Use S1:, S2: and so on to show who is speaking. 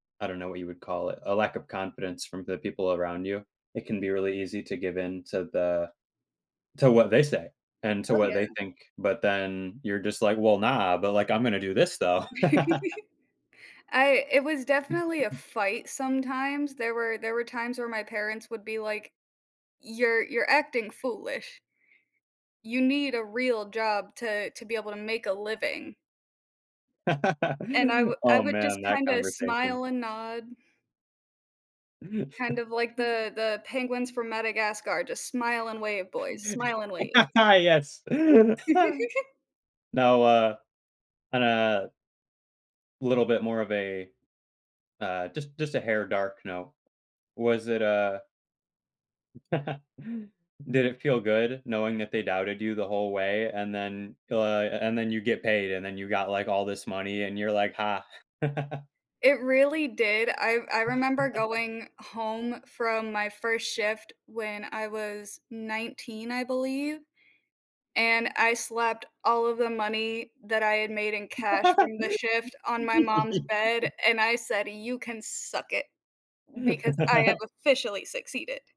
S1: I don't know what you would call it. A lack of confidence from the people around you. It can be really easy to give in to the to what they say, and to
S2: Oh,
S1: what they
S2: yeah.
S1: think, but then you're just, like, "Well, nah, but, like, I'm gonna do this though."
S2: I it was
S1: Mm,
S2: definitely a
S1: mhm.
S2: fight sometimes, there were there were times where my parents would be like, "You're you're acting foolish" you need a real job to to be able to make a living. And I would I
S1: Oh,
S2: would just
S1: man, that
S2: kinda
S1: conversation.
S2: smile and nod. Kind of, like, the the penguins from Madagascar, "Just smile and wave, boys. Smile and wave."
S1: Yes! No, uh, uh little bit more of a, uh just just a hair dark no. Was it a Did it feel good knowing that they doubted you the whole way, and then guy a and then you get paid, and then you got, like, all this money, and you're, like, "Ha."
S2: It really did. I I remember going home from my first shift when I was 19, I believe, and I slapped all of the money that I had made in cash from the shift on my mom's bed, and I said, "You can suck it, because I have officially succeeded."